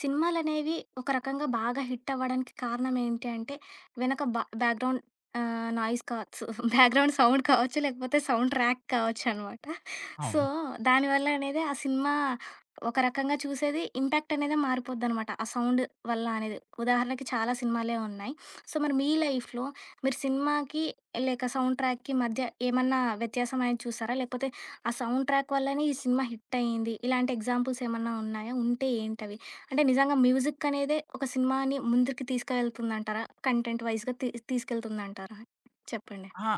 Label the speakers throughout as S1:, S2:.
S1: సినిమాలనేవి ఒక రకంగా బాగా హిట్ అవ్వడానికి కారణం ఏంటి అంటే, వెనక బా బ్యాక్‌ గ్రౌండ్ ఆహ్, నాయిస్ కావచ్చు బ్యాక్‌ గ్రౌండ్ సౌండ్ కావచ్చు. లేకపోతే సౌండ్ ట్రాక్ కావచ్చునమాట. సో,
S2: అవును.
S1: దానివల్ల అనేది ఆ సినిమా ఒక రకంగా చూసేది ఇంపాక్ట్ అనేదే మారిపోద్దనమాట. ఆ సౌండ్ వల్ల అనేది. ఉదాహరణకి చాలా సినిమాలే ఉన్నాయి. సో, మరి మీ లైఫ్‌లో మీరు సినిమాకి లేక సౌండ్ ట్రాక్‌కి మధ్య ఏమన్నా వ్యత్యాసంనేది చూసారా? లేపోతే ఆ సౌండ్ ట్రాక్ వల్లనే ఈ సినిమా హిటయింది. ఇలాంటి ఎగ్జాంపుల్స్ ఏమన్నా ఉన్నాయా? ఉంటే ఏంటవి? అంటే నిజంగా మ్యూజిక్ అనేదే ఒక సినిమాని ముందరికి తీసుకువెళ్తుందంటారా? కంటెంట్ వైస్‌గా తీ తీసుకెళ్తుందంటారా? చెప్పండి.
S2: ఆహా!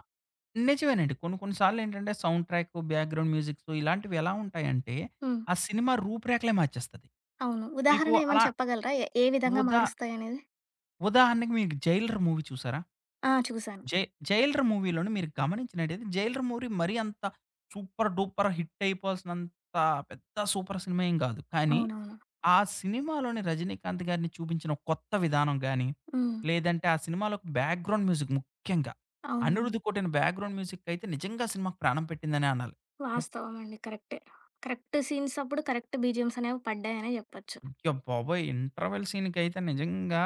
S2: నిజమేనండి. కొన్ని కొన్ని సార్లు ఏంటంటే, సౌండు ట్రాకు, బ్యాక్‌గ్రౌండ్ మ్యూజిక్సు ఇలాంటివి ఎలా ఉంటాయంటే,
S1: హ్మ్.
S2: ఆ సినిమా రూపు రేఖలే మార్చేస్తది.
S1: అవును.
S2: మీకు
S1: ఉదాహరణ
S2: అలా
S1: ఏమైనా చెప్పగలరా? ఏ ఏ విధంగా
S2: ఉదా
S1: మారుస్తాయనేది?
S2: ఉదాహరణకి మీకు 'జైలర్' మూవీ చూసారా?
S1: ఆ! చూసాను.
S2: జై జైలర్ మూవీలోని మీరు గమనించినట్టయితే 'జైలర్' మూవీ మరి అంత, సూపర్, డూపర్, హిట్ అయిపోవాల్సినంత పెద్ద సూపర్ సినిమా ఏం కాదు. కానీ,
S1: అవునవును.
S2: ఆ సినిమాలోని 'రజినీకాంత్' గారిని చూపించిన కొత్త విధానం గాని.
S1: హ్మ్.
S2: లేదంటే, ఆ సినిమాలోకి బ్యాక్‌గ్రౌండ్ మ్యూజిక్ ముఖ్యంగా.
S1: అవును.
S2: 'అనిరుధ్' కొట్టిన బ్యాక్‌గ్రౌండ్ మ్యూజిక్ అయితే నిజంగా అసలు మాకు ప్రాణం పెట్టిందనే అనాలి. ము
S1: వాస్తవమండి. కరెక్టే. కరెక్ట్ సీన్స్ అప్పుడు కరెక్ట్ బీజీఎమ్స్ అనేవి పడ్డాయనే జేప్పొచ్చు.
S2: అయ్యా బాబోయ్! ఇంటర్వెల్ సీనుకైతే నిజంగా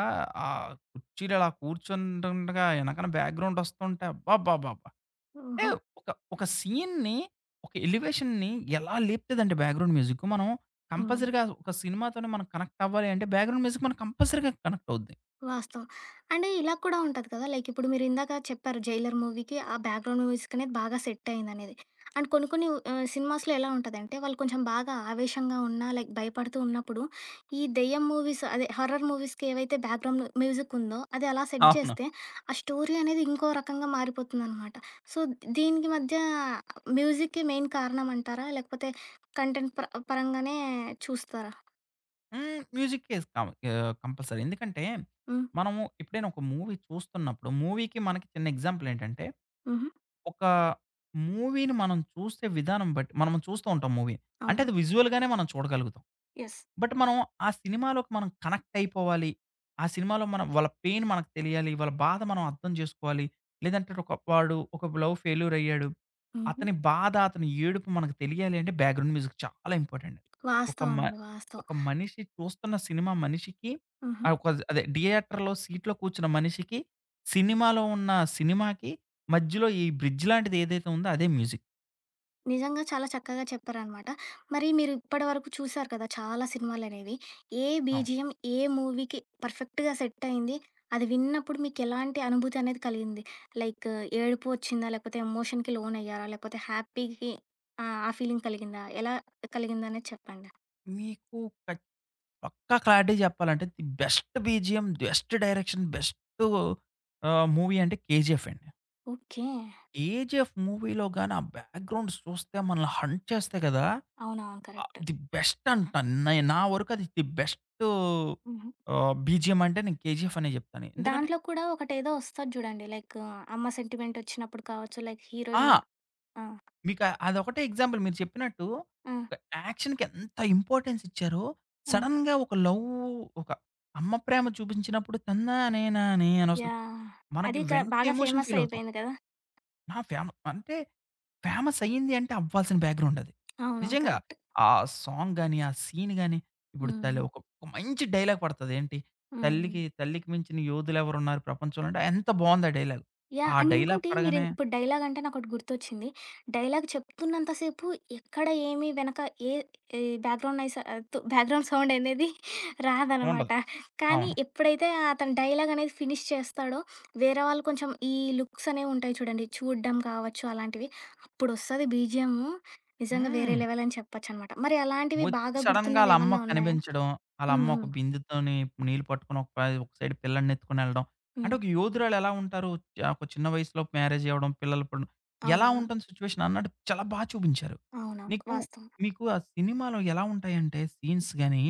S2: ఆహ్, కూర్చీలు అలా కూర్చుంటుంటడగా ఎనకనా బ్యాక్‌గ్రౌండ్ వస్తుంటే అబ్బబ్బబాబ్బా!
S1: ఓహో!
S2: ఏవ్ ఒక ఒక సీన్‌ని, ఒక ఎలివేషన్‌ని ఎలా లేపుతదండి బ్యాక్‌గ్రౌండ్ మ్యూజిక్. మనం
S1: హ్మ్.
S2: కంపల్సరీగా ఒక సినిమాతోనే మనం కనెక్ట్ అవ్వాలి అంటే బ్యాక్‌గ్రౌండ్ మ్యూజిక్ మన కంపల్సరీగా కనెక్ట్ అవుద్ది.
S1: వాస్తవం. అండ్ ఇలా కూడా ఉంటది కదా! లైక్ ఇప్పుడు మీరు ఇందాక చెప్పారు 'జైలర్' మూవీకి ఆ బ్యాక్‌ గ్రౌండ్ మ్యూజిక్ అనేది బాగా సెటయిందినేది. అండ్ కొన్ని కొన్ని ఆహ్, సినిమాస్‌లో ఎలా ఉంటదంటే వాళ్ళు కొంచెం బాగా ఆవేశంగా ఉన్నా, లైక్ భయపడుతూ ఉన్నప్పుడు ఈ దెయ్యం మూవీస్ అదే హార్రర్ మూవీస్‌కి ఏవైతే బ్యాక్‌ గ్రౌండ్ మ్యూజికుందో అది అలా సెట్
S2: అవును.
S1: జేస్తే ఆ స్టోరీ అనేది ఇంకో రకంగా మారిపోతుందనమాట. సో, దీనికి మధ్య మ్యూజిక్‌కి మెయిన్ కారణం అంటారా? లేకపోతే కంటెంట్ ప పరంగానే చూస్తారా?
S2: హ్మ్. మ్యూజికేస్తాం. ఆహ్, కంపల్సరీ. ఎందుకంటే,
S1: హ్మ్.
S2: మనము ఎప్పుడైనా ఒక మూవీ చూస్తున్నప్పుడు మూవీకి, మనకి, చిన్న ఎగ్జాంపులేంటంటే.
S1: హుహు.
S2: ఒకా మూవీని మనం చూసే విధానం బట్టి, మనం చూస్త ఉంటాం మూవీ. అంటే
S1: అవును.
S2: అది విజువల్‌గానే మనం చూడగలుగుతాం.
S1: యెస్.
S2: బట్ మనం ఆ సినిమాలోకి మనం కనెక్టయిపోవాలి. ఆ సినిమాలో మనం వాళ్ళ పెయిన్ మనకు తెలియాలి. వాళ్ళ బాధ మనం అర్థం జేసుకోవాలి. లేదంటే ఒక వాడు, ఒక లవ్ ఫెల్యూరయ్యాడు.
S1: హుహు.
S2: అతని బాధ, అతని ఏడుపు, మనకు తెలియాలింటే బాగ్రౌండ్ మ్యూజిక్ చాలా ఇంపార్టెంట్. ఒక మ
S1: వాస్తవమండి. వాస్తవం.
S2: ఒక మనిషి చూస్తున్న సినిమా మనిషికి,
S1: హుహు.
S2: ఆ కొది అదే థియేటర్‌లో సీట్‌లో కూర్చున్న మనిషికి, సినిమాలో ఉన్న సినిమాకి, మజ్యలో ఈ బ్రిడ్జ్ లాంటిదేదైతే ఉందో అదే మ్యూజిక్.
S1: నిజంగా చాలా చక్కగా చెప్పారనమాట. మరి మీరు ఇప్పడి వరకు చూసారు కదా! చాలా సినిమాలనేవి. ఏ
S2: అవును.
S1: బీజీఎమ్ ఏ మూవీకి పర్ఫెక్ట్‌గా సెట్టయింది. అది విన్నప్పుడు మీకెలాంటి అనుభూతనేది కలిగింది. లైక్ ఏడుపు వచ్చిందా? లేకపోతే ఎమోషన్‌కి లోనయ్యారా? లేకపోతే హ్యాపీకి ఆ! ఆ ఫీలింగ్ కలిగిందా? ఎలా కలిగిందనేది చెప్పండి?
S2: మీకు క పక్కా క్లారిటీ జెప్పాలంటే, the best BGM, best direction, best ఆహ్, మూవీ అంటే 'కేజీఎఫ్' అండి.
S1: ఓకే.
S2: 'కేజిఎఫ్' మూవీలో గాని ఆ బ్యాక్గ్రౌండ్ చూస్తే మనల్ని హంట్ చేస్తాయి కదా!
S1: అవునవును.
S2: ఆహ్,
S1: కరెక్టు.
S2: ది బెస్ట్ అంట. నై నా వరకు అది ది బెస్టూ
S1: హుహు.
S2: ఆహ్, బీజీఎమ్ అంటే నేను 'కేజీఎఫ్' అనే చెప్తాను. ఎందుకంటే
S1: దాంట్లో కూడా ఒకటేదో వస్తది చూడండి. లైకు అమ్మ సెంటిమెంట్ వచ్చినప్పుడు కావచ్చు, లైక్
S2: ఆ!
S1: హీరోయినూ ఆ!
S2: మీకు అదొకటే ఎగ్జాంపుల్ మీరు చెప్పినట్టు
S1: ఆ!
S2: ఒక యాక్షన్‌కి ఎంత ఇంపార్టెన్స్ ఇచ్చారో,
S1: ఆ!
S2: సడన్‌గా ఒక లవ్ ఒక అమ్మ ప్రేమ చూపించినప్పుడు తన్నానే నానే అని వస్తుంది.
S1: యాహ్!
S2: మనకి
S1: అది క
S2: వెంటనే
S1: బాగా
S2: ఎమోషన్
S1: ఫేమస్
S2: ఫీలవుతాం.
S1: అయిపేయింది కదా!
S2: నా ఫేమ అంటే ఫేమస్ అయ్యింది అంటే అవ్వాల్సిన బ్యాక్గ్రౌండ్ అది.
S1: అవును.
S2: నిజంగా
S1: కరెక్ట్.
S2: ఆ సాంగ్ గాని, ఆ సీను గాని, ఇప్పుడు తలే
S1: హ్మ్.
S2: ఒక ఒక మంచి డైలాగ్ పడతది ఏంటి?
S1: హ్మ్.
S2: 'తల్లికి తల్లికి మించిన యోధులు ఎవరున్నారు ప్రపంచంలోంటే' ఎంత బావుంది ఆ డైలాగు.
S1: యాహ్!
S2: ఆ
S1: అండ్
S2: డైలాగ్
S1: ఇంకోటి మీరు
S2: పడగానే
S1: ఇప్పుడు డైలాగంటే నాకోటి గుర్తొచ్చింది. డైలాగ్ చెప్తున్నంత సేపు ఎక్కడ ఏమి వెనక ఏ ఈ బ్యాక్గ్రౌండ్ నాయిసు తు బ్యాక్గ్రౌండ్ సౌండ్ ఏందది రాదనమాట.
S2: ఉండదు.
S1: కానీ
S2: అవును.
S1: ఎప్పుడైతే అతను డైలాగనేది ఫినీష్ చేస్తాడో. వేరే వాళ్ళు కొంచెం ఈ లుక్సనేవి ఉంటాయి చూడండి. చూడ్డం కావచ్చు అలాంటివి. అప్పుడొస్తది బీజీఎమూ నిజంగా వేరే
S2: హ్మ్.
S1: లెవెల్ అని చెప్పొచ్చనమాట. మరి అలాంటివి
S2: వచ్చి
S1: బాగా
S2: సడెన్‌గా
S1: గుర్తున్నవి
S2: ఆళ్ళమ్మ
S1: ఏమన్నా ఉన్నాయా?
S2: కనిపించడం.
S1: హ్మ్.
S2: ఆళ్ళమ్మ ఒక
S1: హ్మ్.
S2: బిందుతోని నీళ్లు పట్టుకొని, ఒక పై ఒక సైడ్ పిల్లడిని ఎత్తుకొనిళ్ళడం, అంటే
S1: హ్మ్.
S2: ఒక యోధురాలెలా ఉంటారు. చ ఒక చిన్న వయసులో మ్యారేజి అవ్వడం. పిల్లలు ఇప్పుడు ఎలా
S1: అవునవును.
S2: ఉంటుంది సిట్యుయేషనన్నట్టు చాలా బా చూపించారు.
S1: అవునవును.
S2: నీకు
S1: వాస్తవం.
S2: మీకు ఆ సినిమాలో ఎలా ఉంటాయంటే సీన్స్ గాని,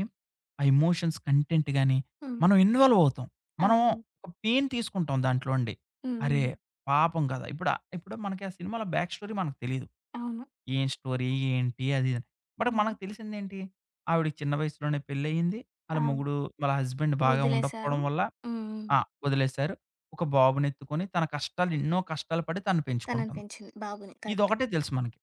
S2: ఆ ఎమోషన్స్ కంటెంట్ గాని,
S1: హ్మ్.
S2: మనం ఇన్వాల్వవుతాం. మనం
S1: అవును.
S2: ఒక పెయిన్ తీసుకుంటాం దాంట్లో అండి.
S1: హ్మ్.
S2: అరే!
S1: హ్మ్.
S2: పాపం కదా! ఇప్పుడు ఇప్పుడు మనకి ఆ సినిమలో బ్యాక్ స్టోరీ మనకు తెలీదు.
S1: అవును.
S2: ఏం స్టోరీ? ఏంటి? అది ఇదిని? బట్ మనకు
S1: హ్మ్.
S2: తెలిసిందేంటి? ఆవిడకి చిన్న వయసులోనే పెళ్లియింది. ఆళ్ళ
S1: అబ్
S2: ముగుడు వాళ్ళ హస్బెండ్ బాగా
S1: వదిలేసారు.
S2: ఉండకపోవడం వల్ల.
S1: హ్మ్. హ్మ్.
S2: ఆహ్, వదిలేసారు. ఒక బాబునెత్తుకొని తన కష్టాలు ఎన్నో కష్టాలు పడి తనను పెంచుకుంటుంది.
S1: తననిపెంచింది. బాబుని కరెక్ట్.
S2: ఇదొకటే తెలుసు మనకి.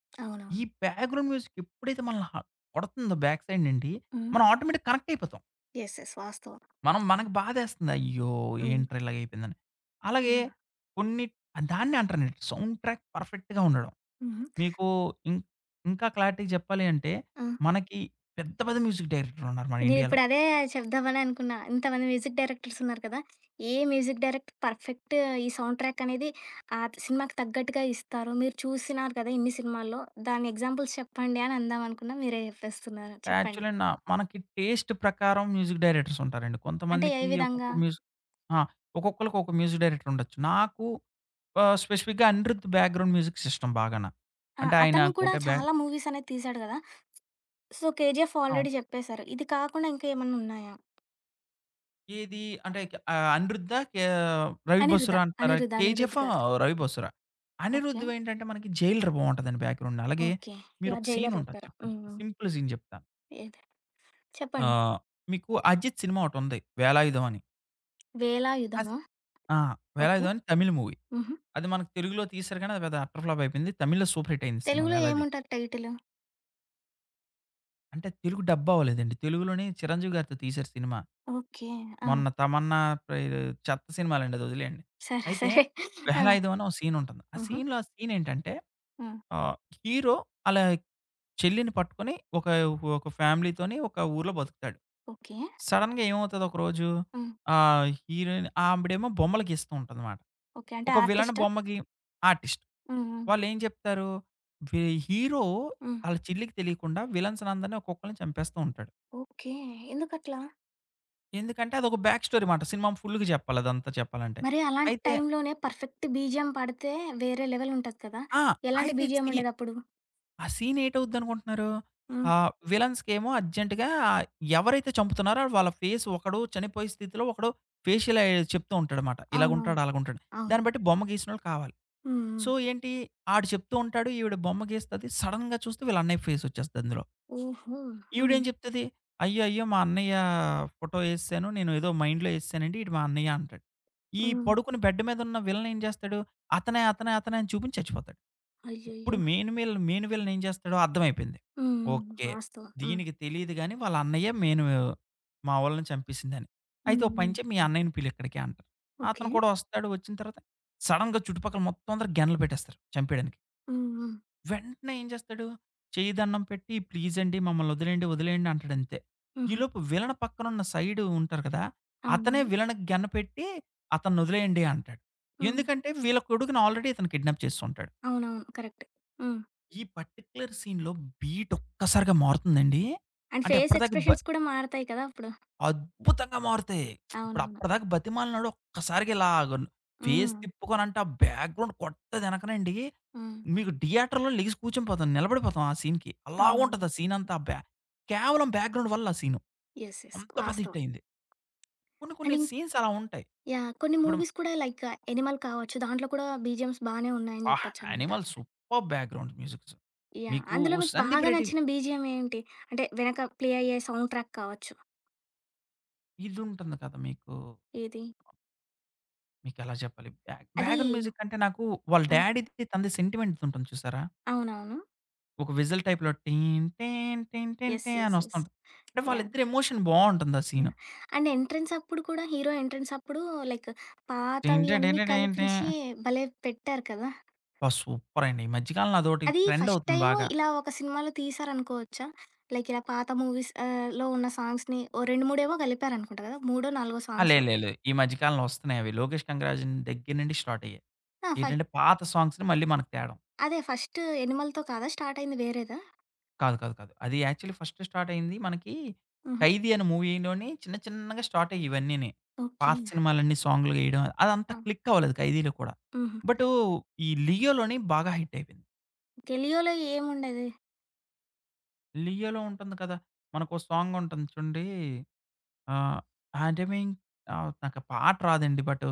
S2: ఈ
S1: అవునవును.
S2: బ్యాక్గ్రౌండ్ మ్యూజిక్ ఎప్పుడైతే మనల్ని హ పడుతుందో బ్యాక్ సైడ్ నుండి
S1: హ్మ్.
S2: మనం ఆటోమేట్టిక్‌గా కనెక్టయిపోతాం.
S1: యెస్. యెస్. వాస్తవం.
S2: మనం మనకు బాధేస్తుంది. అయ్యో!
S1: హ్మ్.
S2: ఏంట్రా, ఇలాగయిపోయిందని? అలాగే
S1: యహ్!
S2: కొన్ని ఆ దాన్నే అంటానండి. సౌండ్ ట్రాక్ పర్ఫెక్ట్‌గా ఉండడం.
S1: హుహు.
S2: మీకు ఇం ఇంకా క్లారిటీగా చెప్పాలి అంటే,
S1: ఆ!
S2: మనకి పెద్ద పెద్ద మ్యూజిక్ డైరెక్టర్ ఉన్నారు మన ఇండియాలో.
S1: నేనిప్పుడదే చెప్దామని అనుకున్నా. ఇంతమంది మ్యూజిక్ డైరెక్టర్స్ ఉన్నారు కదా! ఏ మ్యూజిక్ డైరెక్టర్ పర్ఫెక్ట్ ఈ సౌండ్ ట్రాక్ అనేది ఆ సినిమాకి తగ్గట్టుగా ఇస్తారు. మీరు చూసినారు కదా! ఇన్ని సినిమాల్లో దాన్ని ఎగ్జాంపుల్స్ చెప్పండి అనందామనుకున్నా, మీరే జెప్పేస్తున్నారు. చెప్పండి.
S2: యాక్చువలి న మనకి టేస్ట్ ప్రకారం మ్యూజిక్ డైరెక్టర్స్ ఉంటారండి.
S1: అంటే ఏ
S2: కొంతమందికి ఒక్కొక్క
S1: విధంగా?
S2: మ్యూజిక్ ఆ! ఒక్కొక్కళకి ఒక మ్యూజిక్ డైరెక్టర్ ఉండొచ్చు. నాకు ఆహ్, స్పెసిఫిక్‌గా 'అనిరుధ్' బ్యాక్‌గ్రౌండ్ మ్యూజిక్ సిస్టమ్ బాగాన.
S1: ఆ!
S2: అంటే ఆయన
S1: అతను కూడా
S2: కొట్టే బ్యా
S1: చాలా మూవీస్ అనేది తీశాడు కదా! సో, 'కేజీఎఫ్'
S2: అవును.
S1: ఆల్రెడీ చెప్పేసారు. ఇది కాకుండా ఇంకా ఏమన్నున్నాయా?
S2: ఏది? అంటే క ఆహ్, అనిరుద్ధా? కే 'రవి
S1: 'అనిరుధ',
S2: బసురా' అంటున్నారా?
S1: 'అనిరుద్',
S2: 'కేజీఎఫ్'
S1: 'అనిరుద్'
S2: ఆహ్,
S1: గారిది.
S2: 'రవి బసురా,'
S1: ఓకే.
S2: అనిరుధ్‌వేంటంటే మనకి 'జైలర్' బావుంటదండి బ్యాక్‌గ్రౌండ్. అలాగే.
S1: ఓకే. యాహ్!
S2: మీరొక సీన్
S1: 'జైలర్'
S2: ఉంటాది,
S1: చెప్పారు.
S2: చెప్తాను చెప్
S1: హ్మ్.
S2: సింపుల్ సీన్ చెప్తాను
S1: ఏది? చెప్పండి.
S2: ఆహ్, మీకు 'అజిత్' సినిమా ఒకటుంది 'వేళాయుధం' అని. అస్
S1: వేళాయుధమా?
S2: ఆ!
S1: ఓకే.
S2: 'వెళాయుధం' అని తమిళ్ మూవీ.
S1: హుహు.
S2: అది మనకు తెలుగులో తీసారు కానీ, అది పెద్ద అట్టర్ ఫ్లాప్ అయిపోయింది. తమిళ్లో సూపర్ హిట్ అయింది సినిమా
S1: తెలుగులో
S2: వెళాయుధం.
S1: ఏముంటారు టైటిలు?
S2: అంటే తెలుగు డబ్బవ్వలేదండి. తెలుగులోనే చిరంజీవి గారితో తీశారు సినిమా.
S1: ఓకే. ఆ!
S2: మొన్న తమన్నా ప్ర చెత్త సినిమాలండిదదివొదిలేయండి.
S1: సరే
S2: అయితే.
S1: సరే. ఆ!
S2: బహలాయిదం అని ఒక సీన్ ఉంటుంది. ఆ
S1: హుహు.
S2: సీన్‌లో ఆ సీన్ ఏంటంటే,
S1: హ్మ్.
S2: ఆహ్, హీరో ఆళ్ళ చెల్లిని పట్టుకొని, ఒక ఒక ఫ్యామిలీతోని ఒక ఊర్లో బతుకుతాడు.
S1: ఓకే.
S2: సడెన్‌గా ఏమవుతది ఒక రోజు?
S1: హ్మ్.
S2: ఆహ్, హీరోయిన్ ఆవిడేమో బొమ్మలుగీస్తూ ఉంటందమాట.
S1: ఓకే. అంటే
S2: ఒక విలాన్
S1: ఆర్టిస్టా?
S2: బొమ్మకి ఆర్టిస్ట్.
S1: హ్మ్. హ్మ్.
S2: వాళ్ళు ఏం చెప్తారు? వి హీరో
S1: హ్మ్.
S2: ఆళ్ళ చిల్లికి తెలియకుండా. విలన్సనందరిని ఒక్కొక్కళ్ళని చంపేస్తూ ఉంటాడు.
S1: ఓకే. ఎందుకట్లా?
S2: ఎందుకంటే, అదొక బ్యాక్ స్టోరీ మాట. సినిమా ఫుల్‌గా చెప్పాలి. అదంతా చెప్పాలంటే.
S1: మరి అలాంటి
S2: అయితే
S1: టైమ్లోనే పర్ఫెక్ట్ బీజీఎం పడితే, వేరే లెవెల్ ఉంటది కదా!
S2: ఆ!
S1: ఎలాంటి
S2: ఈ
S1: బీజీఎమ్
S2: సీ
S1: ఉండేదప్పుడు?
S2: ఆహ్, సీన్ ఏటవుద్దనుకుంటున్నారు?
S1: హ్మ్.
S2: ఆహ్, విలన్స్‌కేమో అర్జెంట్‌గా ఎవరైతే చంపుతున్నారో, వాళ్ళ ఫేస్ ఒకడో, చనిపోయే స్థితిలో, ఒకడో ఫేషియల్ ఐ చెప్తూ ఉంటాడమాట.
S1: అవునవును.
S2: ఇలాగుంటాడు, అలాగా ఉంటాడు. దాన్ని
S1: అవును.
S2: బట్టి బొమ్మ గేసినోళ్ళు కావాలి.
S1: హ్మ్.
S2: సో
S1: హ్మ్.
S2: ఏంటి, ఆడు చెప్తూ ఉంటాడు. ఈవిడ బొమ్మ గీస్తది. సడెన్‌గా చూస్తే వీళ్ళ అన్నై ఫేస్ వచ్చేస్తది అందులో.
S1: ఓహో!
S2: ఈవిడ
S1: హ్మ్.
S2: ఏం చెప్తది? "అయ్యయ్యో! మా అన్నయ్య ఫోటో వేసేశాను. నేనేదో మైండ్‌లో వేసేశానండి. ఈవిడు మా అన్నయ్య" అంటాడు. ఈ
S1: హ్మ్.
S2: పడుకుని బెడ్ మీద ఉన్న విలన్ ఏం చేస్తాడు? అతనే అతనే అతనే అని చూపించి చచ్చిపోతాడు. ఇప్పుడు
S1: అయ్యయ్యో!
S2: మెయిన్ వీల మెయిన్ విలన్ ఏం చేస్తాడో అర్థమైపోయింది.
S1: హ్మ్. హ్మ్.
S2: ఓకే.
S1: వాస్తవం. హ్మ్.
S2: దీనికి తెలీదు గానీ, వాళ్ళ అన్నయ్యే మెయిన్ వి మావళని చంపేసిందాని. "అయితే ఒక
S1: హ్మ్.
S2: పనిచేయి మీ
S1: హ్మ్.
S2: అన్నయ్యని పిలు ఇక్కడికి" అంటారు.
S1: ఓకే.
S2: అతను కూడా వస్తాడు, వచ్చిన తర్వాత, సడెన్‌గా చుట్టుపక్కల మొత్తం అందరూ గన్లు పెట్టేస్తారు చంపేయడానికి.
S1: హ్మ్. హ్మ్.
S2: వెంటనే ఏం చేస్తాడు? చేయ్యిదన్నం పెట్టి "ప్లీజ్ అండి, మమ్మల్ని వదిలేయండి వదిలేయండి" అంటాడు అంతే.
S1: హుహు.
S2: ఈలోపు విలన్ పక్కన ఉన్న సైడ్ ఉంటారు కదా! అతనే
S1: అవునవును.
S2: వీలనికి గన్నుపెట్టి, "అతనొదిలేయండి" అంటాడు.
S1: హ్మ్.
S2: ఎందుకంటే, వీళ్ళ కొడుకును ఆల్రెడీ ఇతను కిడ్నాప్ చేసుంటాడు.
S1: అవునవును. కరెక్ట్. హ్మ్.
S2: ఈ పర్టిక్యులర్ సీన్‌లో బీట్ ఒక్కసారిగా మారుతుందండి,
S1: అండ్
S2: అంటే
S1: ఫేస్
S2: అప్పటి దాకా బ
S1: ఎక్స్ప్రెషన్స్ కూడా మారతాయి కదా! అప్పుడు.
S2: అద్భుతంగా మారుతాయి. ఇప్పుడు
S1: అవునవును.
S2: అప్పటిదాకా బతిమాలనాడు ఒక్కసారిగా ఇలాగను ఫేస్
S1: హ్మ్.
S2: తిప్పు కొని అంటే ఆ బ్యాక్‌గ్రౌండ్ కొట్టేదెనకనండి.
S1: హ్మ్.
S2: మీకు థియేటర్‌లో లెగిసి కూర్చుండిపోతాం. నిలబడిపోతాం ఆ సీన్‌కి
S1: అవునవును.
S2: అలాగుంటది ఆ సీన్ అంతా ఆ బ్యా కేవలం బ్యాక్‌గ్రౌండ్ వల్ల ఆ సీను.
S1: యెస్. యెస్.
S2: అంత పెద్ద హిట్
S1: వాస్తవం.
S2: అయింది. కొన్ని కొన్ని
S1: అని
S2: సీన్స్ అలా ఉంటాయి.
S1: యాహ్! కొన్ని
S2: ఇప్పుడు
S1: మూవీస్ కూడా లైక్ 'ఆనిమల్' వచ్చు. దాంట్లో కూడా బీజీఎమ్స్ బానే ఉన్నాయని
S2: అబ్బా!
S1: చెప్పొచ్చన్నమాట.
S2: 'Animal' super background musics.
S1: Yeah!
S2: మీకు
S1: అందులో మీకు
S2: సందీప్
S1: బాగా
S2: రెడ్డి
S1: నచ్చిన బీజీఎం ఏంటి? అంటే వెనక ప్లే అయ్యే సౌండ్ ట్రాక్ కావచ్చు.
S2: ఇదింటుంది కదా! మీకు
S1: ఏది?
S2: మీకెలా చెప్పాలి బ్యా
S1: అది
S2: బ్యాక్‌గ్రౌండ్ మ్యూజిక్ అంటే, నాకు వాళ్ళ
S1: ఆ!
S2: డ్యాడీది, తనది సెంటిమెంట్‌ది ఉంటుంది చూసారా?
S1: అవునవును.
S2: ఒక విజిల్ టైప్‌లో 'టీన్ టీన్ టీన్ టిన్
S1: యెస్.
S2: టీ'
S1: యెస్. యెస్.
S2: అనొస్తుంటది. అంటే,
S1: యాహ్!
S2: వాళ్ళిద్దరి ఎమోషన్ బావుంటుంది ఆ సీను.
S1: యాహ్! అండ్ ఎంట్రెన్స్ అప్పుడు కూడా హీరో ఎంట్రెన్స్ అప్పుడు లైక్ పాతవియన్నీ
S2: టింటడిడిటింటే.
S1: కలిపించి భలే పెట్టారు కదా!
S2: బా! సూపర్ అండి. ఈ మధ్య కాలంలో అదోకటి
S1: అది
S2: ట్రెండ్
S1: ఫస్ట్
S2: అవుతుంది
S1: టైము
S2: బాగా.
S1: ఇలా ఒక సినిమాలో తీశారనుకోవచ్చా, లైక్ ఇలా పాత మూవీస్ ఆహ్, లో ఉన్న సాంగ్స్‌ని ఓ రెండు మూడేవో కలిపారనుకుంటా కదా! మూడో, నాలుగో
S2: ఆ! లే,
S1: సాంగ్సో.
S2: లే, లే ఈ మధ్య కాలంలో వస్తున్నాయవి. 'లోకేష్ కనగరాజన్' దగ్గర నుండి స్టార్ట్ అయ్యాయి.
S1: ఆ! ఫ
S2: ఏంటంటే పాత సాంగ్స్‌ని మళ్ళీ మనకు తేడం.
S1: అదే ఫస్ట్ 'ఎనిమల్'తో కాదా స్టార్ట్‌తో అయింది, వేరేదా?
S2: కాదు. కాదు. కాదు. అది యాక్చువల్లీ ఫస్ట్ స్టార్ట్ అయింది మనకీ,
S1: హుహు.
S2: 'ఖైదీ' అని మూవీలోని చిన్న చిన్నగా స్టార్ట్ అయ్యి ఇవన్నీని.
S1: ఓకే.
S2: పాత సినిమాలన్నీ సాంగ్‍లో ఏయడం. అదంతా
S1: ఆ!
S2: క్లిక్ అవ్వలేదు 'ఖైదీలో' కూడా.
S1: హుహు.
S2: బటూ, ఈ 'లియోలోని' బాగా హిట్ అయిపోయింది.
S1: ఓకే, 'లియోలో' ఏముండేది?
S2: 'లియోలో' ఉంటంది కదా! మనకో సాంగుంటుంది చూడండీ. ఆహ్, హేండ మింగ్, ఆహ్, నాకు పాట రాదండి. But,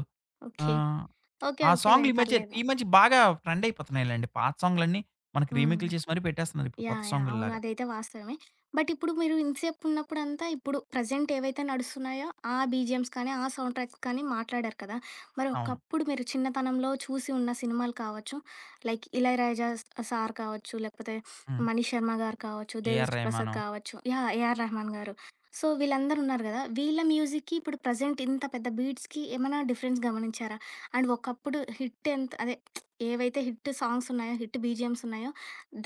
S1: okay.
S2: ఆహ్,
S1: ఓకే.
S2: ఆ
S1: ఓకేలెండి.
S2: సాంగులీ మధ్యే
S1: పర్లేదు.
S2: ఈ మధ్య బాగా ట్రెండయిపోతున్నాయిలెండి. పాత సాంగ్‍లన్నీ, మనకి
S1: హ్మ్.
S2: రీమేకులు చేసి మరీ పెట్టేస్తున్నారు ఇప్పుడు కొత్త
S1: యాహ్! యాహ్! అవును
S2: సాంగుల్లాగా.
S1: అదైతే వాస్తవమే. బట్ ఇప్పుడు మీరు ఇంతసేపు ఉన్నప్పుడంతా ఇప్పుడు, ప్రెజెంట్ ఏవైతే నడుస్తున్నాయో ఆ బీజిఎమ్స్ కానీ, ఆ సౌండ్ ట్రాక్స్ కానీ మాట్లాడారు కదా! మరి
S2: అవును.
S1: ఒకప్పుడు, మీరు చిన్నతనంలో చూసి ఉన్న సినిమాలు కావచ్చు. లైక్ 'ఇళయరాజా' స-సార్ కావచ్చు. లేకపోతే
S2: హ్మ్!
S1: 'మణి శర్మ' గారు కావచ్చు,
S2: 'ఏఆర్
S1: 'దేవిశ్రీ ప్రసాద్'
S2: రెహమాను.'
S1: కావచ్చు. యాహ్, 'ఏఆర్ రెహమాన్' గారు. సో వీళ్ళందరూ ఉన్నారు కదా! వీళ్ళ మ్యూజిక్కి, ఇప్పుడు ప్రెజెంట్ ఇంత పెద్ద బీట్స్‌కి ఏమైనా డిఫరెన్స్ గమనించారా? అండ్ ఒకప్పుడు హిట్ ఎంత అదే ఏవైతే హిట్ సాంగ్స్ ఉన్నాయో, హిట్ బీజీఎమ్స్ ఉన్నాయో,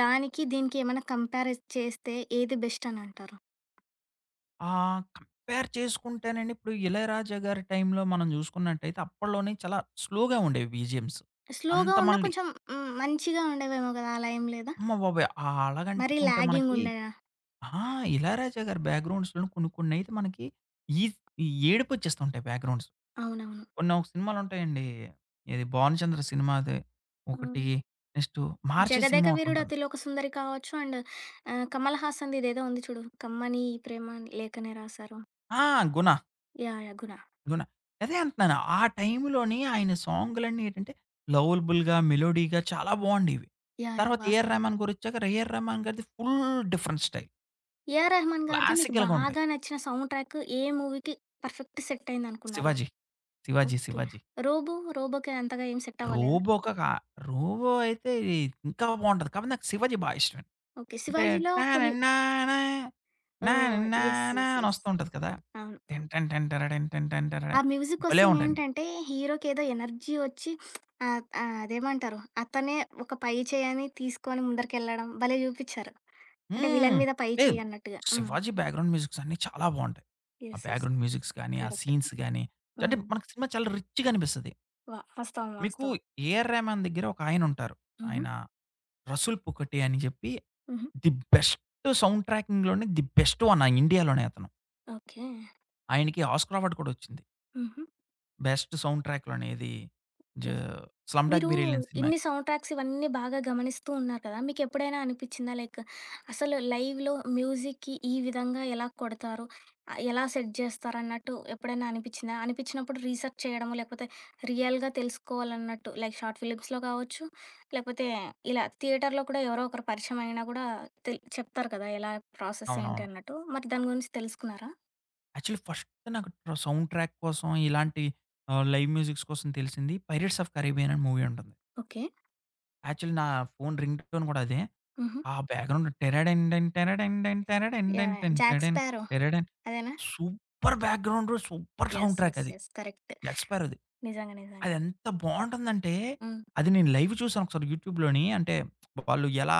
S1: దానికి దీనికి ఏమైనా కంపేరైజ్, చేస్తే ఏది బెస్టనంటారు.
S2: ఆ! కంపేర్ చేసుకుంటేనండి ఇప్పుడు 'ఇళయరాజ' గారి టైంలో మనం చూసుకున్నట్టయితే అప్పడ్లోనే చాలా స్లోగా ఉండేవి బీజేఎమ్స్
S1: స్లోగా
S2: అంత
S1: ఉన్న
S2: మళ్ళీ
S1: కొంచెం హ్మ్. మంచిగా ఉండేవేమో కదా! అలా ఏం లేదా?
S2: అమ్మ బాబోయ్!
S1: మరీ
S2: ఆలాగంటుకుంటే
S1: లాగింగ్
S2: మనకి
S1: ఉండేదా?
S2: ఆ! 'ఇలయరాజా' గారి బ్యాక్‌గ్రౌండ్స్‌లొ కొన్ని, కొన్నైతే మనకి ఈజ్ ఏడుపొచ్చేస్తుంటాయి బ్యాక్‌గ్రౌండ్స్.
S1: అవునవును.
S2: కొన్నొక సినిమాలుంటాయండి. ఏది 'భానుచంద్ర' సినిమాది.
S1: హ్మ్.
S2: ఒకటి. నెక్స్టు 'మహార్షి' సినిమా
S1: 'జగదేకవీరుడు
S2: ఒకటుంటది.
S1: అతిలోక సుందరి' కావచ్చు. అండ్ ఆహ్, 'కమల్ హాసన్‌ది' ఇదేదో ఉంది చూడు. 'కమ్మని ఈ ప్రేమ లేఖనే రాసారు.'
S2: ఆ! 'గుణ...'
S1: యాహ్! యాహ్! 'గుణ.'
S2: 'గుణ.' అదే అంటన్నాను. ఆ టైంలోని ఆయన సాంగ్లన్నీ ఏంటంటే, లవలబుల్‌గా, మెలోడీగా చాలా బావుండెవి.
S1: యాహ్! యాహ్!
S2: తర్వాత 'ఏఎర్
S1: వాస్తవం.
S2: రెహ్‌మాన్' గారొచ్చాక 'ఏఎర్ రామాన్' గారిది full different style.
S1: 'A R Rahman' గారిది మీకు
S2: క్లాసికల్‌గా ఉంటాయి.
S1: బాగా నచ్చిన సౌండ్ ట్రాకు ఏ మూవీకి పర్ఫెక్ట్ సెట్ అయిందనుకున్నారు?
S2: 'శివాజీ.' 'శివాజీ',
S1: ఓకే.
S2: 'శివాజీ.'
S1: 'రోబో'? 'రోబోకి' అంతగా ఏం సెట్ అవ్వలేదా?
S2: 'రోబో' ఒకగా 'రోబో' అయితే ఇది ఇంకా బావుంటది. కాపోతే నాకు 'శివాజీ' బా ఇష్టమండి.
S1: ఓకే.
S2: అంటే,
S1: 'శివాజీలో' కొన్ని
S2: టడన్నాన నాన
S1: ఓహ్! యెస్,
S2: న్నానా
S1: యెస్, యెస్.
S2: అనొస్తూ ఉంటది కదా!
S1: అవును.
S2: టిన్ టిన్ టిన్ టిరడిండ్ టిన్ టిన్ టిన్ టింటరడ.
S1: ఆ
S2: భలే
S1: మ్యూజికొస్తే
S2: ఉంటయండి.
S1: ఏంటంటే హీరోకి ఏదో ఎనర్జీ వచ్చి ఆహ్, ఆహ్, అదేమంటారు. అతనే ఒక పై చేయని తీసుకొని ముందరికెళ్ళడం భలే చూపిచారు. అంటే,
S2: హ్మ్.
S1: విలన్ మీద పై
S2: లేదు
S1: చేయన్నట్టుగా. హ్మ్.
S2: 'శివాజీ' బ్యాక్‌గ్రౌండ్ మ్యూజిక్స్ అన్నీ చాలా బావుంటాయి. ఆ
S1: యెస్. యెస్.
S2: బ్యాక్‌గ్రౌండ్ మ్యూజిక్స్ గానీ, ఆ
S1: కరెఫ్టు.
S2: సీన్స్ గాని అంటే
S1: హ్మ్.
S2: మనకి సినిమా చాలా రిచ్‌గా అనిపిస్తది.
S1: వ వాస్తవం,
S2: మీకు
S1: వాస్తవం.
S2: 'ఏఆర్ రెహ్‌మాన్' దగ్గర ఒకాయనుంటారు.
S1: హుహు.
S2: ఆయన. 'రసుల్ పొక్కటే' అని చెప్పి.
S1: హుహు.
S2: ది బెస్ట్ సౌండ్ ట్రాకింగ్‌లోనే ది బెస్ట్ వన్ ఆ ఇండియాలోనే అతను.
S1: ఓకే.
S2: ఆయనకి ఆస్కార్ అవార్డు కూడా వచ్చింది.
S1: హుహు.
S2: బెస్ట్ సౌండ్ ట్రాకు అనేది జ
S1: ఓకె.
S2: 'స్లమ్‌డాగ్
S1: మీరు
S2: మిలియనీర్' సినిమాకి.
S1: ఇన్ని సౌండ్‌ట్రాక్స్ ఇవన్నీ బాగా గమనిస్తూ ఉన్నారు కదా! మీకెప్పుడైనా అనిపించిందా? లైక్ అసలు లైవ్‌లో మ్యూజిక్‌కి ఈ విధంగా ఎలా కొడతారు? ఆహ్, ఎలా సెట్ జేస్తారు అన్నట్టు ఎప్పుడైనా అనిపించిందా? అనిపించినప్పుడు రీసెర్చ్ చేయడమో, లేకపోతే రియల్‌గా తెలుసుకోవాలన్నట్టు లైక్ షార్ట్ ఫిలిమ్స్‌లో గావచ్చు, లేకపోతే ఇలా థియేటర్‌లో కూడా ఎవరో ఒకరు పరిచయమయినా కూడా తెల్ చెప్తారు కదా! ఎలా ప్రాసెస్
S2: అవునవును.
S1: ఏంటన్నట్టు? మరి దాని గురించి తెలుసుకున్నారా?
S2: యాక్చువల్లీ ఫస్ట్ నాకు ట్ర సౌండ్ ట్రాక్ కోసం ఇలాంటి ఆహ్, లైవ్ మ్యూజిక్స్ కోసం తెలిసింది 'పైరేట్స్ ఆఫ్ కరేబియన్' అనే మూవీ ఉంటుంది.
S1: ఓకే.
S2: యాక్చువలీ నా ఫోను రింగ్ టోన్ గూడా అదే.
S1: హుహు.
S2: ఆ బ్యాక్‌గ్రౌండ్ 'టిరడండన్, టిరడండన్, టిరడండన్
S1: యాహ్! యాహ్!
S2: టిన్
S1: 'జాక్
S2: టెడన్.
S1: స్పారో.'
S2: టరడం'
S1: అదేనా?
S2: Super background, super sound
S1: yes.
S2: Track
S1: yes.
S2: అది.
S1: యెస్. కరెక్ట్.
S2: 'జాక్ స్పారోది.'
S1: నిజంగా నిజంగా.
S2: అదెంత బావుంటుందంటే,
S1: హ్మ్.
S2: అది నేను లైవ్ చూసాను ఒకసారి యూట్యూబ్‌లోని అంటే వాళ్ళు ఎలా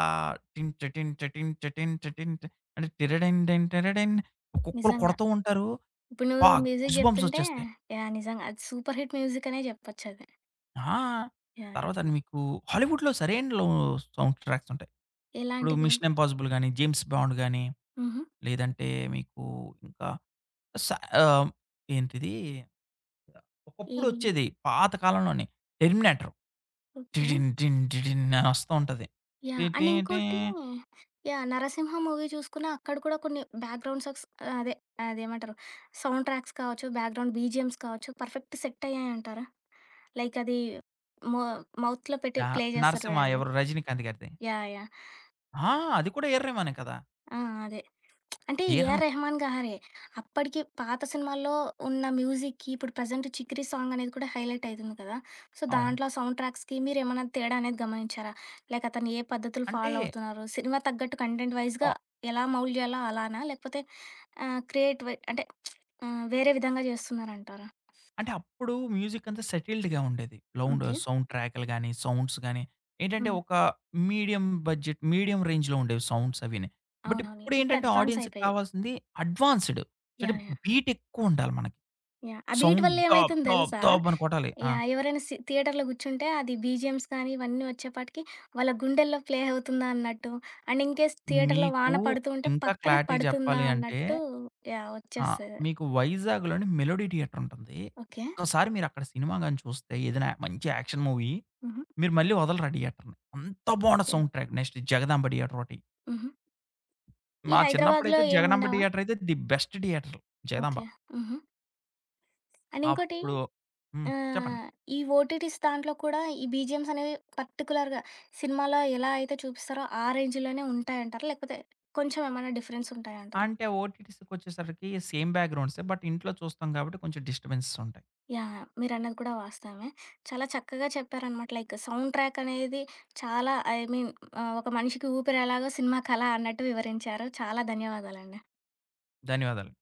S2: 'టిన్ చటిన్ చటిన్ చటిన్ చటిన్' అంటే 'టిరడం రిండన్ టిరడం' ఒక్కొక్కళ్ళు
S1: నిజంగా.
S2: కొడుతూ ఉంటారు.
S1: ఇప్పుడు నువ్వు
S2: అబా!
S1: మ్యూజిక్
S2: గూస్‌బంప్స్
S1: జెప్తుంటే
S2: ఒచ్చేస్తాయి.
S1: యాహ్! నిజంగా అది సూపర్ హిట్ మ్యూజికనే జెప్పొచ్చది.
S2: ఆ!
S1: యాహ్! యాహ్!
S2: తర్వాత
S1: ను
S2: అది మీకు హాలీవుడ్‌లో సరైనుడు లో సౌండ్ ట్రాక్స్ ఉంటాయి. ఇప్పుడు
S1: ఎలాంటివి?
S2: 'మిషన్ ఇంపాజిబుల్' గాని, 'జేమ్స్ బాండ్' గాని,
S1: హుహు.
S2: లేదంటే మీకు ఇంకా స ఆహ్, ఏంటిది ఒకప్పుడు
S1: ఏవి?
S2: వచ్చేది. పాత కాలంలోనే 'టెర్మినేటరు'.
S1: ఓకే.
S2: టిడిన్ టిన్ టిడిన్ అనొస్తూ ఉంటది.
S1: యాహ్! అండ్
S2: టటేటే.
S1: ఇంకోటి యాహ్! 'నరసింహ' మూవీ చూసుకున్న అక్కడ కూడా కొన్ని బ్యాక్గ్రౌండ్ సాడ్స్ ఆహ్, అదే అదేమంటారు సౌండ్ ట్రాక్స్ కావచ్చు, బ్యాక్గ్రౌండ్ బీజీఎమ్స్ కావచ్చు, పర్ఫెక్ట్ సెట్ అయ్యాయింటారా? లైక్ అది. మో మౌత్‌లో పెట్టి,
S2: యాహ్!
S1: ప్లే చేస్తారు
S2: నరసింహ
S1: చూడండి.
S2: ఎవరు రజినీకాంత్ గారిది?
S1: యాహ్! యాహ్!
S2: ఆ! అది కూడా ఎఆర్‌రేహ్‌మనే కదా!
S1: ఆ! అదే. అంటే
S2: 'ఎ ఆర్ రేహ్‌మన్'
S1: ఏఆర్‌రెహమాన్ గారే. అప్పటికి పాత సినిమాల్లో ఉన్న మ్యూజిక్‌కి. ఇప్పుడు ప్రెజెంట్ 'చికరి' సాంగ్ అనేది కూడా హైలైట్ అయితుంది కదా! సో
S2: అవును.
S1: దాంట్లో సౌండ్ ట్రాక్స్‌కి మీరేమన్నా తేడా అనేది గమనించారా? లేక అతను ఏ పద్ధతులు
S2: అంటే
S1: ఫాలో అవుతున్నన్నారు? సినిమా తగ్గట్టు కంటెంట్ వైస్‌గా.
S2: ఆ!
S1: ఎలా మౌల్డ్ చేయాలో అలానా? లేకపోతే ఆహ్, క్రియేట్ వై అంటే ఆహ్, వేరే విధంగా చేస్తున్నారంటారా?
S2: అంటే, అప్పుడు మ్యూజిక్ అంతా సెటిల్డ్‌గా ఉండేది. Loud
S1: okay.
S2: సౌండ్ ట్రాకులు గాని, సౌండ్స్ గాని, ఏంటంటే
S1: హ్మ్.
S2: ఒక మీడియం బడ్జెట్, మీడియం రేంజ్‌లో ఉండేవి సౌండ్స్ అవినాయి. బట్
S1: అవునవును. ఇప్పుడు
S2: ఇప్పుడేంటంటే,
S1: అడ్వాన్స్
S2: ఆడియన్స్‌కి
S1: అయిపోయాయి.
S2: కావాల్సింది, అడ్వాన్స్‌డ్. చంటే
S1: యాహ్! యాహ్!
S2: బీట్ ఎక్కువుండాలి మనకి.
S1: యాహ్! ఆ బీట్
S2: సౌండ్
S1: వల్ల
S2: దాప్
S1: ఏమైతుంది
S2: దాప్
S1: తెలుసా?
S2: దాబ అనుకోట్టాలి. ఆ!
S1: యాహ్! ఎవరైనా సి థియేటర్‌లో కూర్చుంటే, అది బీజీఎమ్స్ కానీ, ఇవన్నీ వచ్చేప్పటికి, వాళ్ళ గుండెల్లో ప్లే అవుతుందా అన్నట్టు. అండ్ ఇన్‌కేస్ థియేటర్‌లో
S2: మీకు
S1: వాన పడుతూ ఉంటే,
S2: ఇంకా
S1: పక్కనే
S2: క్లారిటీ
S1: పడుతుందా
S2: చెప్పాలి అంటే,
S1: అన్నట్టు యాహ్!
S2: ఆహ్,
S1: వచ్చేస్తది.
S2: మీకు వైజాగ్‌లోని 'మెలోడీ థియేటర్' ఉంటుంది.
S1: ఓకే.
S2: ఒక్క సారి మీరక్కడ సినిమా గాని చూస్తే, ఏదైనా య మంచి యాక్షన్ మూవీ.
S1: హుహు.
S2: మీరు మళ్ళీ వదలరా థియేటర్‌ని. అంత బాగుండ
S1: okay.
S2: Sound track next 'Jagadamba theatre' ఓటి.
S1: హుహు. ఈ
S2: మా
S1: హైదరాబాద్లో
S2: చిన్నప్పుడైతే 'జగదాంబ
S1: ఏముండవా?
S2: థియేటర్' అయితే the best theatre 'Jagadamba'.
S1: Okay. హుహు. అండ్ ఇంకోటి,
S2: అప్పుడు హ్మ్. చెప్పండి.
S1: ఆహ్, ఈ ఓటీటీస్ దాంట్లో కూడా. ఈ బీజీఎమ్స్ అనేవి పర్టిక్యులర్‌గా సినిమాలో ఎలా అయితే చూపిస్తారో, ఆ రేంజ్‌‌లోనే ఉంటాయంటారా? లేకపోతే కొంచెం ఏమన్నా డిఫరెన్స్ ఉంటాయంటార?
S2: అంటే, ఓటీటీస్‌కొచ్చేసరికి, సేమ్ బ్యాక్‌గ్రౌండ్స్. బట్ ఇంట్లో చూస్తాం కాబట్టి, కొంచెం డిస్టర్బెన్సెస్ ఉంటాయి.
S1: యాహ్! యాహ్! మీరన్నది కూడా వాస్తవమే. చాలా చక్కగా చెప్పారనమాట. లైక్ సౌండ్ ట్రాక్ అనేది చాలా. ఐ మీన్ ఆహ్, ఒక మనిషికి ఊపిరి ఎలాగో సినిమాకలా అన్నట్టు వివరించారు. చాలా ధన్యవాదాలండి.
S2: ధన్యవాదాలు.